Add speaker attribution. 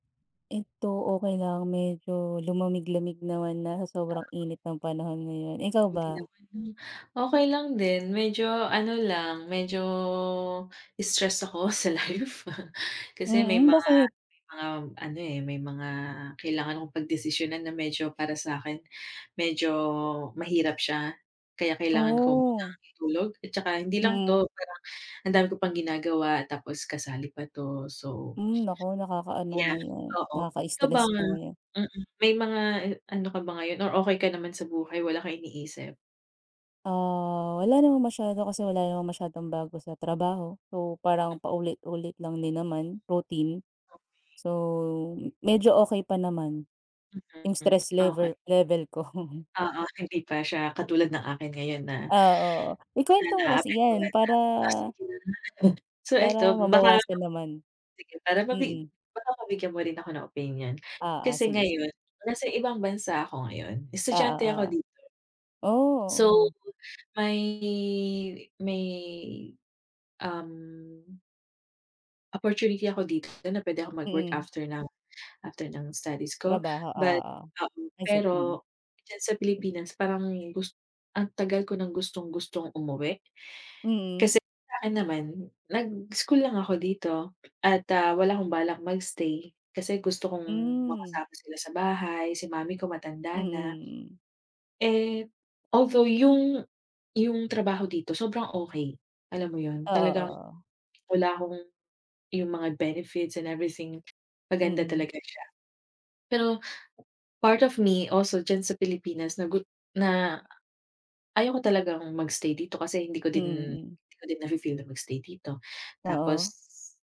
Speaker 1: 'Eto okey lang, medyo lumamig-lamig naman na sa sobrang init ng panahon ngayon. Ikaw
Speaker 2: Buti
Speaker 1: ba?
Speaker 2: naman 'no. Okey lang din medyo ano lang, medyo stress ako sa life. Kasi may
Speaker 1: Mm,
Speaker 2: mga
Speaker 1: bakit?
Speaker 2: may mga, ano, eh, may mga kailangan akong pagdesisyunan na medyo para sa'kin medyo mahirap siya kaya kailangan ko munang
Speaker 1: Oh.
Speaker 2: itulog. At tsaka hindi lang
Speaker 1: Mm.
Speaker 2: 'to, parang ang dami ko pang ginagawa tapos kasali pa 'to. So
Speaker 1: Hmm, naku, nakakaano nga
Speaker 2: Yeah,
Speaker 1: 'yan,
Speaker 2: oo. Ikaw ba
Speaker 1: nakaka-stress nga 'yan.
Speaker 2: mm. May mga i ano ka ba ngayon or okey ka naman sa buhay, wala kang iniisip?
Speaker 1: Ah, wala namang masyado kasi wala namang masyadong bago sa trabaho. So, parang
Speaker 2: M
Speaker 1: paulit-ulit lang din naman, routine.
Speaker 2: Okey.
Speaker 1: So, medyo okey pa naman yung
Speaker 2: Mm.
Speaker 1: stress
Speaker 2: Okey.
Speaker 1: lever level ko.
Speaker 2: Oo, hindi pa siya katulad ng akin ngayon na
Speaker 1: Ah, oo.
Speaker 2: na
Speaker 1: Ikuwento mo kasi yan
Speaker 2: naapektuhan na
Speaker 1: para
Speaker 2: ako. [unintelligible] So, 'eto
Speaker 1: para
Speaker 2: baka
Speaker 1: mabawasan naman.
Speaker 2: sige, para mabi
Speaker 1: Mm.
Speaker 2: baka mabigyan mo rin ako ng opinyon
Speaker 1: Oo,
Speaker 2: kasi
Speaker 1: sige,
Speaker 2: ngayon
Speaker 1: sige.
Speaker 2: nasa ibang bansa ako ngayon,
Speaker 1: Oo,
Speaker 2: estudyante ako
Speaker 1: oo.
Speaker 2: dito.
Speaker 1: Oh,
Speaker 2: So,
Speaker 1: oo.
Speaker 2: may may, um opportunity ako dito na puwede akong mag-work
Speaker 1: Mm.
Speaker 2: after ng after ng studies ko,
Speaker 1: Trabaho,
Speaker 2: but,
Speaker 1: oo.
Speaker 2: um,
Speaker 1: Ay sep mm.
Speaker 2: pero diyan sa Pilipinas parang gust ang tagal ko nang gustong-gustong umuwi.
Speaker 1: Mm.
Speaker 2: Kasi sa akin naman, nag-school lang ako dito at, ah, wala akong balak mag-stay. Kasi gusto kong
Speaker 1: Hmm.
Speaker 2: makasama sila sa bahay. Si mommy ko,
Speaker 1: Mm,
Speaker 2: matanda na.
Speaker 1: mm.
Speaker 2: Eh, although yung yung trabaho dito sobrang okey, alam mo yun?
Speaker 1: Oo,
Speaker 2: Talagang
Speaker 1: oo.
Speaker 2: wala akong yung mga benefits and everything, maganda
Speaker 1: Mm.
Speaker 2: talaga siya. Pero part of me also diyan sa Pilipinas na gut na ayaw ko talagang mag-stay dito kasi hindi ko
Speaker 1: Mm,
Speaker 2: din
Speaker 1: mm.
Speaker 2: hindi ko din nafi-feel na mag-stay dito.
Speaker 1: Oo.
Speaker 2: Tapos